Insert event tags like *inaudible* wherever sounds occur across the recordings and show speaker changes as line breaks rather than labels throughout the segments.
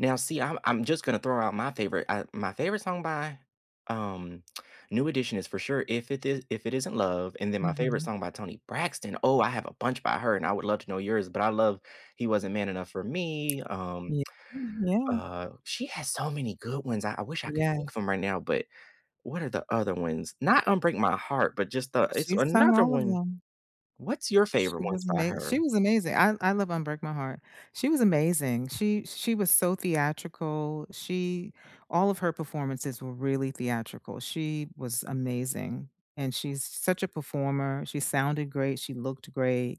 Now see, I'm I'm just gonna throw out my favorite, uh, my favorite song by, um, New Edition is for sure, "If It Is If It Isn't Love," and then my favorite
Mhm.
song by Toni Braxton, oh, I have a bunch by her, and I would love to know yours, but I love, "He Wasn't Man Enough For Me," um,
Yea
*smacks lips*
yeah.
uh she has so many good ones, I I wish I could think
Yes.
from right now, but what are the other ones? Not "Un-Break My Heart," but just the it's
She's sung
another
all of
one
them.
What's your
She
favorite ones
was
by
ama she
her?
was amazing. I I love "Un-break My Heart." She was amazing, she she was so theatrical, she all of her performances were really theatrical, she was amazing, and she's such a performer, she sounded great, she looked great,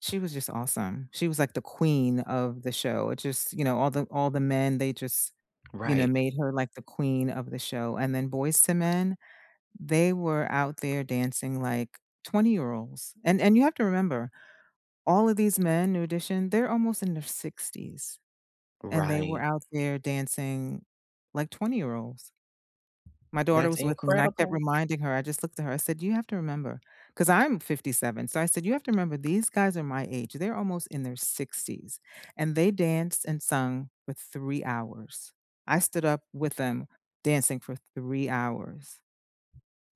she was just awesome, she was like the queen of the show, just, you know, all the all the men, they just, you know,
Right.
made her like the queen of the show, and then Boyz II Men, they were out there dancing like 20-year-olds, and and you have to remember all of these men, New Addition, they're almost in their 60s, and they were
Right.
out there dancing like 20-year-olds. My daughter
That's
was with me and I kept
incredible.
reminding her, I just looked at her, I said, "You have to remember” 'cause I'm 57. So I said, "You have to remember these guys are my age, they're almost in their 60s, and they danced and sung for 3 hours. I stood up with them dancing for 3 hours."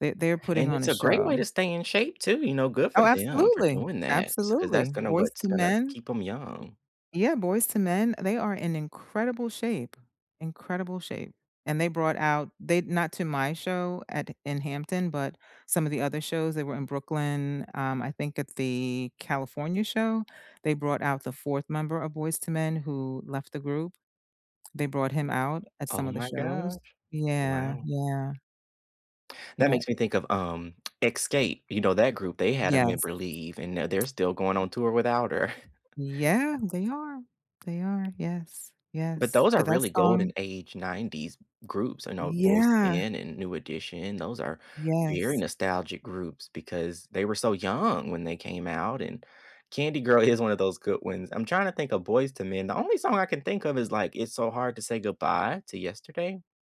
They're they're putting
And
on
it's
a
a great
show.
way to stay in shape too, you know, good for
Oh,
them for
absolutely,
doing that, so 'cause
absolutely,
that's gonna
boys
what's
to
gonna
men.
keep ‘em young.
Yeah, Boyz II Men, uh, they are in incredible shape, incredible shape, and they brought out they not to my show at in Hampton, but some of the other shows they were in Brooklyn, um, I think at the California show, they brought out the 4th member of Boyz II Men, who left the group. They brought him out at some
Oh
of the
my
shows
gosh,
yeah,
wow.
yeah.
That
Yeah
makes me think of, um, *smacks lips* Escape, you know, that group, they had a
Yes.
member leave, and now they're still going on tour without her. *chuckles*
Yeah, they are, they are, yes,
But
yes,
those
but
are
that
really golden
song
age ‘90s g groups, I know boys to
Yeah.
men and New Edition, those are very
Yes.
nostalgic groups because they were so young when they came out, and Candy Girl is one of those good ones. I'm trying to think of Boyz II Men, the only song I can think of is, like, "It's So Hard To Say Goodbye To Yesterday?"